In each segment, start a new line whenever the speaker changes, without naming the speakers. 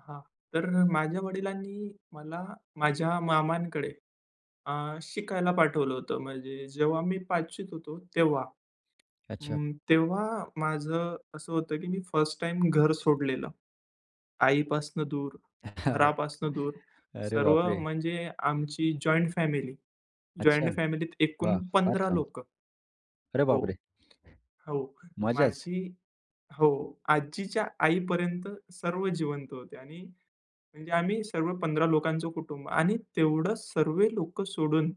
हां, तर माझ्या वडिलांनी मला, माझ्या मामांकडे अ, शिकायला पाठवलं होतं. म्हणजे जेव्हा मी 5वीत होतो तेव्हा.
अच्छा.
हं, तेव्हा माझं असं होतं की मी फर्स्ट टाईम घर सोडलेलं. आईपासून दूर,
हां.
घरापासून दूर,
अरे
सर्व
बापरे!
म्हणजे आमची जॉइंट फॅमिली.
अच्छा
जॉइंट फॅमिलीत
वा!
एकूण
फार
15
छान.
लोकं
अरे
हो,
बापरे!
हो,
मजाच.
माझी हो, आजीच्या आई पर्यंत सर्व जिवंत होते आणि म्हणजे आम्ही सर्व 15 लोकांचं कुटुंब आणि तेवढं सर्वे लोकं सोडून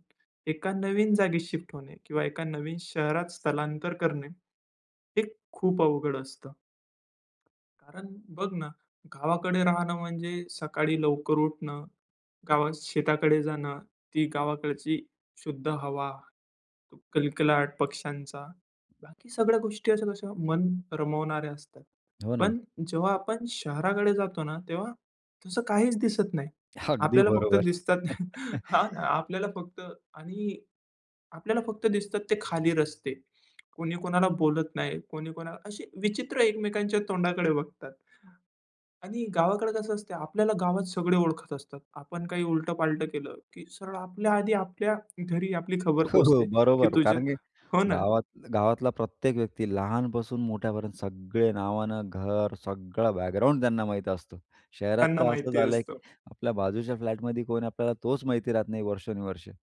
एका नवीन जागी शिफ्ट होणे किंवा एका नवीन शहरात स्थलांतर करणे, हे खूप अवघड असतं. कारण बघ ना, गावाकडे राहणं म्हणजे सकाळी लवकर उठणं, गावात शेताकडे जाणं, ती गावाकडची शुद्ध हवा, कलकलाट पक्ष्यांचा. बाकी सगळ्या गोष्टी अशा कशा मन रमवणाऱ्या असतात.
हो ना.
पण जेव्हा आपण शहराकडे जातो ना, तेव्हा तसं काहीच दिसत नाही.
अगदी
आपल्याला फक्त
बरोबर.
दिसतात हां, आपल्याला फक्त आणि आपल्याला फक्त दिसतात ते खाली रस्ते. कुणी कुणाला बोलत नाही, कोणी कोणाला अशी विचित्र एकमेकांच्या तोंडाकडे बघतात आणि गावाकडे कसं असतं? आपल्याला गावात सगळे ओळखत असतात. आपण काही उलटं-पालटं केलं की सरळ आपल्या आधी आपल्या घरी आपली खबर
हो, हो,
पोचते, की
बरोबर.
तुझं
कारण की
हो ना.
गावात गावातला प्रत्येक व्यक्ती, लहानपासून मोठ्यापर्यंत सगळे नावानं, घर सगळं बॅकग्राऊंड, त्यांना माहीत असत. शहरात
त्यांना
तर असं
माहिती
झालंय की
असतं.
आपल्या बाजूच्या फ्लॅटमध्ये कोण आहे? आपल्याला तोच माहिती राहत नाही वर्षानुवर्षे.